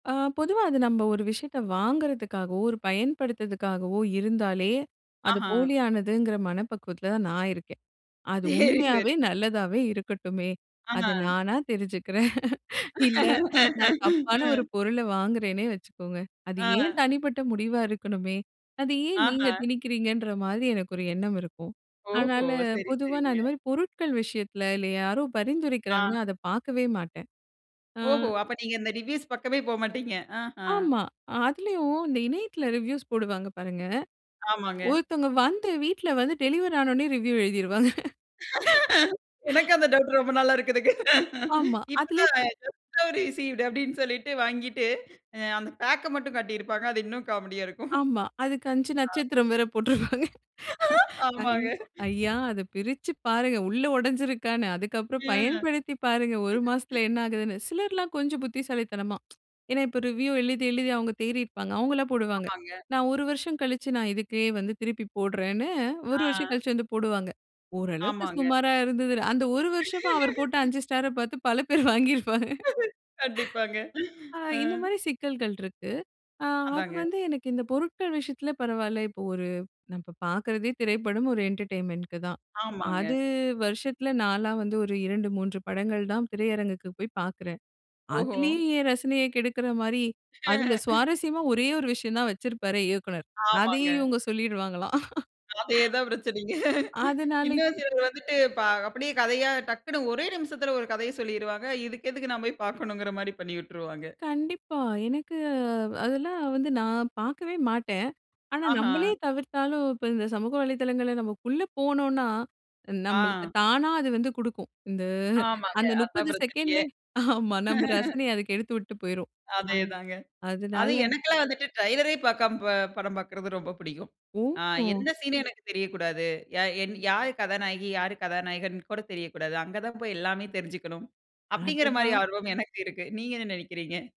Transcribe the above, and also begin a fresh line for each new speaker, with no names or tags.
அ பொதுவா அது நம்ம ஒரு விஷயத்த வாங்குறதுக்காகவோ, ஒரு பயன்படுத்துறதுக்காகவோ இருந்தாலே அது
ஆஹ.
போலியானதுங்குற மனப்பக்குவத்துல தான் நான் இருக்கேன். அது
சேரி, சேரி.
உண்மையாவே நல்லதாவே இருக்கட்டுமே, அது
ஆஹ.
நானா தெரிஞ்சுக்கிறேன். இல்ல, நான் தப்பான ஒரு
ம்.
பொருள வாங்குறேனே வெச்சுக்கோங்க. அது என்
ஆ.
தனிப்பட்ட முடிவா இருக்கணுமே, அது ஏன் நீங்க
ஆஹ.
திணிக்கிறீங்கன்ற மாரி எனக்கு ஒரு எண்ணம் இருக்கும்.
ஓஹோ!
அதனால
சரி,
பொதுவா நான்
சரிங்க.
இந்த மாரி பொருட்கள் விஷயத்துல இல்ல யாரோ
ஆ.
பரிந்துரைக்கிறாங்கன்னா, அத பாக்கவே மாட்டேன். ஆ
ஓஹோ! அப்ப நீங்க இந்த ரிவ்யூஸ் பக்கமே போமாட்டீங்க. ஆஹ.
ஆமா, அதுலயும் இந்த இணையத்துல ரிவ்யூஸ் போடுவாங்க பாருங்க.
ஆமாங்க.
ஒருத்தங்க வந்து வீட்ல வந்து டெலிவரி ஆன உடனே ரிவ்யூ எழுதிருவாங்க.
எனக்கும் அந்த டவுட் ரொம்ப நாளா இருக்குதுங்க.
ஆமா, அதுலே
இப்பத்தான்,
இப்போ
ஜஸ்ட் நவ் ரிசீவ்டு அப்டின்னு சொல்லிட்டு வாங்கிட்டு, அ அந்த பேக்க மட்டும் காட்டியிருப்பாங்க, அது இன்னும் காமெடியா இருக்கும்.
ஆமா, அதுக்கு 5
அ.
நட்சத்திரம் வேற போட்ருப்பாங்க. ஐ
ஆமாங்க.
ஐயா! அத பிரிச்சி பாருங்க உள்ள உடஞ்சிருக்கான்னு. அதுக்கப்புறம்
ம்.
பயன்படுத்தி பாருங்க 1 மாசத்துல என்ன ஆகுதுன்னு. சிலர்லாம் கொஞ்சம் புத்திசாலித்தனமா, ஏனா இப்ப ரிவ்யூ எழுதி எழுதி அவுங்க தேறியிருப்பாங்க. அவுங்கலாம் போடுவாங்க,
ஆமாங்க.
நான் 1 வருஷம் கழிச்சி நான் இதுக்கே வந்து திருப்பி போடறேன்னு 1 வருஷம்
ஆ.
கழிச்சி வந்து போடுவாங்க. ஓரளவுக்கு
ஆமாங்க.
சுமாரா இருந்தது. அந்த 1 வருஷமா அவர் போட்ட 5 ஸ்டார பார்த்து பல பேர் வாங்கிருபாங்க.
கண்டிப்பாங்க.
அ
ஆ.
இந்த மாரி சிக்கல்கள் இருக்கு. அ அது
அதாங்க.
வந்து எனக்கு இந்த பொருட்கள் விஷயத்துல பரவால்ல, இப்போ ஒரு நா இப்ப பாக்குறதே திரைப்படம் ஒரு என்டர்டைன்மென்ட்க்கு தான்.
ஆமாங்க.
அது வருஷத்துல நாலா வந்து ஒரு 2 3 படங்கள் தான் திரையரங்குக்கு போயி பாக்குறேன்.
ஓஹோ!
அதுலயும் என் ரசனைய கெடுக்குற மாரி அதுல சுவாரசியமா ஒரே ஒரு விஷயம் தான் வச்சிருப்பாரே இயக்குனர்.
ஆமாங்க.
அதையும் இவுங்க சொல்லிருவாங்களாம்.
அதேதான் பிரச்சனைங்க.
அதனால இப்
இன்னும் சிலர் வந்துட்டு, ப அப்டியே கதையா டக்குனு ஒரே நிமிஷத்துல ஒரு கதைய சொல்லிருவாங்க, இதுக்கு எதுக்கு நம்ம போயி பாக்கணுங்கற மாரி பண்ணி உட்டுருவாங்க.
கண்டிப்பா! எனக்கு அ அதெல்லாம் வந்து நான் பாக்கவே மாட்டேன். ஆனா, நம்மளே
ஆஹ.
தவிர்த்தாலும் இப்ப இந்த சமூக வலைத்தளங்கள்ல நம்ம உள்ள போனோன்னா, நம்மளுக்கு
ஆ.
தானா அது வந்து குடுக்கும், இந்த
ஆமாங்க,
அந்த
அதான்
30
பிரச்சனயே.
செகண்ட்லயே ஆமா, நம்ம ரசனய அது கெடுத்து விட்டு போயிரும். ஆ
அதேதாங்க. அது
அதுனால
எனக்கெல்லாம் வந்துட்டு ட்ரைலரே, பாக்காம, ப படம் பாக்கறது ரொம்ப புடிக்கும். ஆ
ஓஹோ!
எந்த சீனும் எனக்கு தெரியக்கூடாது. யா யாரு கதாநாயகி, யாரு கதாநாயகன்னு கூட தெரியக்கூடாது. அங்க தான் போயி எல்லாமே தெரிஞ்சுக்கணும், அப்டிங்கிற மாரி
அடடா!
ஆர்வம் எனக்கு இருக்கு. நீங்க என்ன நெனைக்கிறீங்க?